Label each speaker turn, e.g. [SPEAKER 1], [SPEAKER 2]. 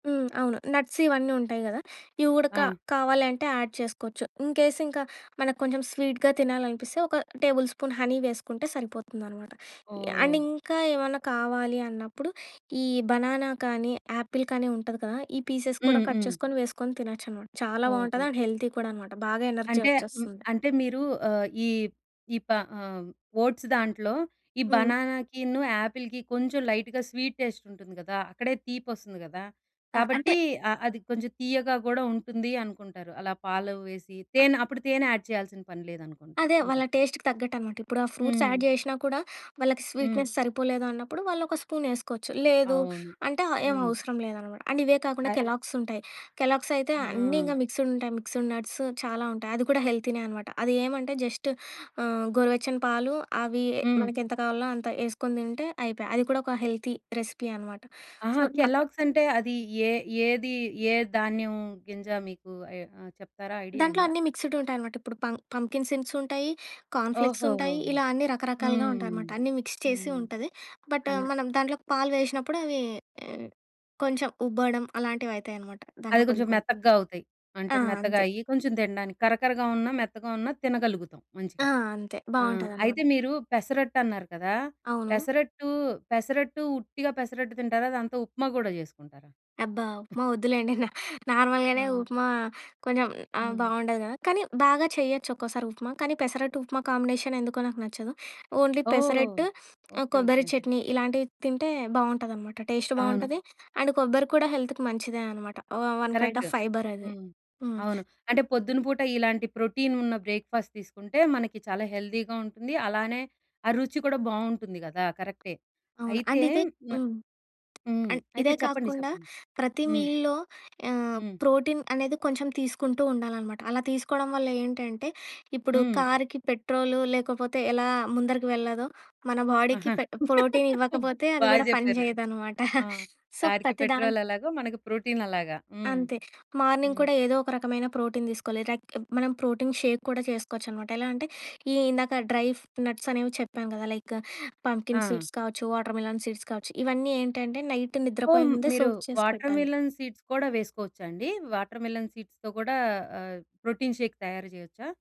[SPEAKER 1] హ్మ్. అవును. నట్స్ ఇవన్నుంటాయి గదా! ఈ ఉడక
[SPEAKER 2] ఆ!
[SPEAKER 1] కావాలంటే యాడ్ చేసుకోచ్చు. ఇన్‌కేస్ ఇంకా మనకు కొంచెం స్వీట్‌గా తినాలనిపిస్తే, ఒక టేబుల్ స్పూన్ హనీ వేసుకుంటే సరిపోతుందనమాట. అండ్
[SPEAKER 2] ఓహ్!
[SPEAKER 1] ఇంకా ఏవన్నా కావాలి అన్నప్పుడు, ఈ బనానా కానీ, యాపిలు కానీ ఉంటది కదా! ఈ పీసెస్ కూడా
[SPEAKER 2] హ్మ్.
[SPEAKER 1] కట్
[SPEAKER 2] హ్మ్.
[SPEAKER 1] చేసుకొని వేసుకొని తినొచ్చనమాట. చాలా
[SPEAKER 2] ఓకే.
[SPEAKER 1] బావుంటది. అండ్ హెల్తీ కూడా అనమాట. బాగా ఎనర్జీ
[SPEAKER 2] అంటే హ్మ్.
[SPEAKER 1] వచ్చేస్తుంది.
[SPEAKER 2] అంటే, మీరు ఆహ్, ఈప్ ఈ ప ఆహ్, ఓట్సు దాంట్లొ ఈ
[SPEAKER 1] హ్మ్.
[SPEAKER 2] బనానాకిను, యాపిల్‌కి కొంచెం లైట్‌గా స్వీట్ టేస్ట్ ఉంటుంది గదా! అక్కడే తీపొస్తుంది గదా!
[SPEAKER 1] ఆ! అంటే
[SPEAKER 2] కాబట్టి ఆహ్, అది కొంచెం తీయగా గూడా ఉంటుంది అనుకుంటారు. అలా పాలు వేసి,
[SPEAKER 1] ఆ!
[SPEAKER 2] తేనె అప్పుడు తేనె యాడ్ చేయాల్సిన పని లేదనుకుంటా
[SPEAKER 1] అదే,
[SPEAKER 2] ఇంకా.
[SPEAKER 1] వాళ్ళ టేస్ట్‌కి తగ్గట్టనమాట. ఇప్పుడు ఆ ఫ్రూట్స్
[SPEAKER 2] హ్మ్.
[SPEAKER 1] యాడ్‌ జేసినా కూడా, వాళ్ళకి
[SPEAKER 2] హ్మ్.
[SPEAKER 1] స్వీట్‌నెస్ సరిపోలేదన్నప్పుడు వాళ్లొక స్పూనేసుకోవచ్చు. లేదు
[SPEAKER 2] అవును.
[SPEAKER 1] అంటే ఆహ్, ఏం
[SPEAKER 2] హ్మ్.
[SPEAKER 1] అవసరం లేదనమాట. అండ్ ఇవే కాకుండా
[SPEAKER 2] అయ్
[SPEAKER 1] కెలాగ్సుంటాయి. కెలాగ్సయితే అన్నీ
[SPEAKER 2] హ్మ్.
[SPEAKER 1] ఇంకా మిక్స్‌డుంటాయి. మిక్స్‌డు నట్స్ చాలా ఉంటాయి. అది కూడా హెల్తీనే అనమాట. అదేమంటే జస్ట్ ఆహ్, గోరువెచ్చని పాలు, అవి
[SPEAKER 2] హ్మ్.
[SPEAKER 1] మనకు ఎంత కావాలనో అంత ఏసుకొని తింటే అయిపాయ. అది కూడా ఒక హెల్తీ రెసిపీ అనమాట. సో,
[SPEAKER 2] ఆహా!
[SPEAKER 1] అక్కడ
[SPEAKER 2] కెలాగ్సంటే అది ఏ ఏది ఏ ధాన్యం గింజ మీకు ఎ ఆహ్, చెప్తారా? ఐడియా
[SPEAKER 1] దాంట్లో
[SPEAKER 2] ఉందా?
[SPEAKER 1] అన్నీ మిక్స్‌డుంటాయనమాట. ఇప్పుడు పం పంప్‌కిన్ సిన్‌సుంటాయి. కార్న్‌ ఫ్లేక్సుంటాయి.
[SPEAKER 2] ఓహోహోహో!
[SPEAKER 1] ఇలా అన్నీ రకరకాలుగా
[SPEAKER 2] హ్మ్.
[SPEAKER 1] ఉంటాయమాట. అన్నీ మిక్స్ చేసి
[SPEAKER 2] హ్మ్.
[SPEAKER 1] ఉంటది. బటు
[SPEAKER 2] అన్
[SPEAKER 1] మనం దాంట్లోకి పాలు వేషినప్పుడవీ కొంచెం ఉబ్బడం అలాంటివయితాయనమాట.
[SPEAKER 2] అది
[SPEAKER 1] దాంట్లో కొన్ని
[SPEAKER 2] కొంచెం
[SPEAKER 1] కొన్ని.
[SPEAKER 2] మెత‌కగా అవుతాయి.
[SPEAKER 1] ఆ!
[SPEAKER 2] అంటే మెత్తగా
[SPEAKER 1] అంతే.
[SPEAKER 2] అయ్యి, కొంచెం తినడానికి. కరకరగా ఉన్నా మెత్తగా ఉన్నా తినగలుగుతాం మంచిగా.
[SPEAKER 1] ఆ! అంతే.
[SPEAKER 2] ఆహ్,
[SPEAKER 1] బావుంటాదనమాట.
[SPEAKER 2] అయితే మీరు పెసరట్టన్నారు కదా!
[SPEAKER 1] అవును.
[SPEAKER 2] పెసరట్టు, పెసరట్టు ఉట్టిగా పెసరట్టు తింటారా? దాంతో ఉప్మా గూడా జేసుకుంటారా?
[SPEAKER 1] అబ్బా! ఉప్మా వద్దులెండి. నా నార్మల్‌గానే
[SPEAKER 2] ఆ!
[SPEAKER 1] ఉప్మా కొంచెం ఆహ్,
[SPEAKER 2] హ్మ్.
[SPEAKER 1] బావుండదు గదా! కానీ బాగా చెయ్యొచ్చు, ఒక్కోసారి ఉప్మా. కానీ పెసరట్టుప్మా కాంబినేషన్ ఎందుకో నాకు నచ్చదు. ఓన్లి
[SPEAKER 2] ఓహ్!
[SPEAKER 1] పెసరట్టు ఆహ్,
[SPEAKER 2] ఓకే.
[SPEAKER 1] కొబ్బరి
[SPEAKER 2] ఓకే.
[SPEAKER 1] చట్నీ ఇలాంటివి తింటే బావుంటాదనమాట. టేస్టు
[SPEAKER 2] అవును.
[SPEAKER 1] బావుంటది. అండ్ కొబ్బరి కూడా హెల్త్‌కి మంచిదే అనమాట. వ వన్ కైండ్
[SPEAKER 2] కరెక్టు.
[SPEAKER 1] ఆఫ్ ఫైబరది.
[SPEAKER 2] హ్మ్.
[SPEAKER 1] హ్మ్.
[SPEAKER 2] అవును. అంటే పొద్దునపూట ఇలాంటి ప్రోటీను‌న్న బ్రేక్‌ఫాస్ట్ తీసుకుంటే మనకి చాలా హెల్తీ‌గా ఉంటుంది. అలానే ఆ రుచి కూడా బావుంటుంది గదా! కరెక్టే.
[SPEAKER 1] అవును.
[SPEAKER 2] అయితే
[SPEAKER 1] అండ్ ఇదే హ్మ్.
[SPEAKER 2] హ్మ్.
[SPEAKER 1] అండ్ ఇదే
[SPEAKER 2] అయితే చెప్పండి
[SPEAKER 1] కాకుండా
[SPEAKER 2] చెప్పండి.
[SPEAKER 1] ప్రతి
[SPEAKER 2] హ్మ్.
[SPEAKER 1] మీల్‌లో ఆహ్,
[SPEAKER 2] హ్మ్.
[SPEAKER 1] ప్రోటీన్ అనేది కొంచెం తీసుకుంటూ ఉండాలనమాట. అలా తీసుకోడం వల్ల‌ ఏంటంటే ఇప్పుడు
[SPEAKER 2] హ్మ్.
[SPEAKER 1] కార్‌కి పెట్రోలు లేకపోతే ఎలా ముందరికి వెళ్ళదో, మన
[SPEAKER 2] ఆహ!
[SPEAKER 1] బాడీకి పె ప్రోటీనివ్వకపోతే
[SPEAKER 2] బా
[SPEAKER 1] అది గూడా పని
[SPEAKER 2] జెప్పారు.
[SPEAKER 1] చేయదనమాట.
[SPEAKER 2] ఆ!
[SPEAKER 1] సో,
[SPEAKER 2] కార్‌కి
[SPEAKER 1] ప్రతి దాన్
[SPEAKER 2] పెట్రోలెలాగో, మనకు ప్రోటీనలాగా. హ్మ్.
[SPEAKER 1] అంతే, మార్నింగ్
[SPEAKER 2] హ్మ్.
[SPEAKER 1] కూడా ఏదోక రకమైన ప్రోటీన్ దీసుకోవాలి. రక్ మనం ప్రోటీన్ షేక్ కూడా చేసుకోవచ్చనమాట. ఎలా అంటే, ఈ ఇందాక డ్రై‌ఫ్ నట్సనేవి చెప్పాం గదా! లైకు పంప్‌కిన్
[SPEAKER 2] ఆ!
[SPEAKER 1] సీడ్స్ కావచ్చు, వాటర్‌మిలన్ సీడ్స్ కావచ్చు, ఇవన్నీ ఏంటంటే నైట్
[SPEAKER 2] ఓహ్!
[SPEAKER 1] నిద్రపోయే
[SPEAKER 2] హ్మ్.
[SPEAKER 1] ముందే
[SPEAKER 2] మీరు
[SPEAKER 1] సోక్ చేసి పెట్టాలి.
[SPEAKER 2] వాటర్‌మిలన్ సీడ్స్ కూడా వేసుకోవచ్చా అండి? వాటర్‌మిలన్ సీడ్స్‌తో కూడా ఆహ్, ప్రోటీన్ షేక్ తయారు జేయొచ్చా?